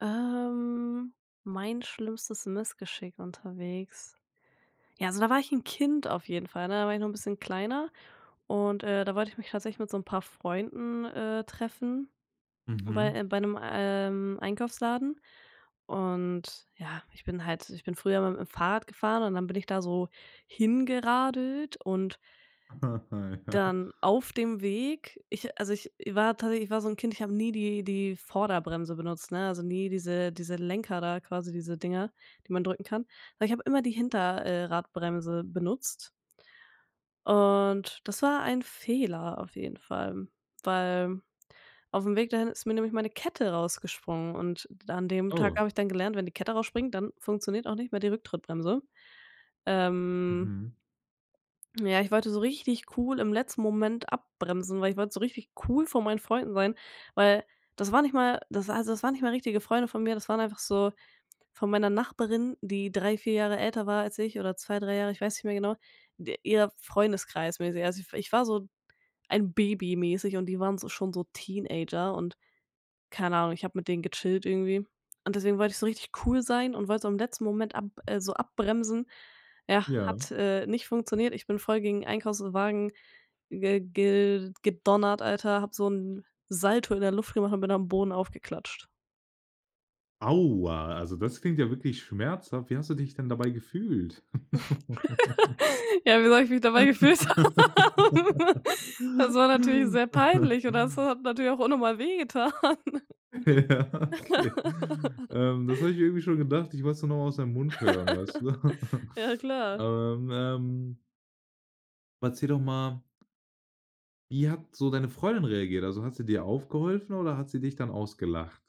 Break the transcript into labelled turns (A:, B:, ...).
A: Ähm, mein schlimmstes Missgeschick unterwegs. Ja, also da war ich 'n Kind auf jeden Fall, ne? Da war ich noch 'n bisschen kleiner und, äh, da wollte ich mich tatsächlich mit so 'n paar Freunden, äh, treffen bei,
B: Mhm.
A: äh bei 'nem, ähm, Einkaufsladen und ja, ich bin halt ich bin früher immer mit 'm Fahrrad gefahren und dann bin ich da so hingeradelt und dann auf dem Weg ich also, ich war tatsächlich so 'n Kind, ich habe nie die die Vorderbremse benutzt, ne, also nie diese diese Lenker da, quasi diese Dinger, die man drücken kann, aber ich habe immer die Hinter äh, Radbremse benutzt und das war ein Fehler auf jeden Fall, weil aufm Weg dahin ist mir nämlich meine Kette rausgesprungen und d an dem Tag
B: Oh.
A: habe ich dann gelernt, wenn die Kette rausspringt, dann funktioniert auch nicht mehr die Rücktrittbremse. Ähm.
B: Mhm.
A: Ja, ich wollte so richtig cool im letzten Moment abbremsen, weil ich wollte so richtig cool vor meinen Freunden sein, weil das war nicht mal das also, das waren nicht mal richtige Freunde von mir, das waren einfach so, von meiner Nachbarin, die 3, 4 Jahre älter war als ich oder 2, 3 Jahre, ich weiß nicht mehr genau, de ihr Freundeskreis-mäßig. Also ich w ich war so ein Baby-mäßig und die waren so schon so Teenager und- keine Ahnung- ich hab mit denen gechillt irgendwie und deswegen wollte ich so richtig cool sein und wollte so im letzten Moment ab äh, so abbremsen. Ja,
B: Ja.
A: hat, äh, nicht funktioniert. Ich bin voll gegen 'n Einkaufswagen ge gel gedonnert, Alter, hab so 'n Salto in der Luft gemacht und bin am Boden aufgeklatscht.
B: Aua, also das klingt ja wirklich schmerzhaft. Wie hast du dich denn dabei gefühlt?
A: Ja, wie soll ich mich dabei gefühlt haben? Das war natürlich sehr peinlich und das hat natürlich auch auch unnormal wehgetan.
B: Ja, okay. Ähm, das hab ich mir irgendwie schon gedacht, ich wollt's nur noch mal aus deinem Mund hören, weißt du?
A: Ja, klar.
B: Aber, ähm Erzähl doch mal wie hat so deine Freundin reagiert? Also, hat sie dir aufgeholfen oder hat sie dich dann ausgelacht?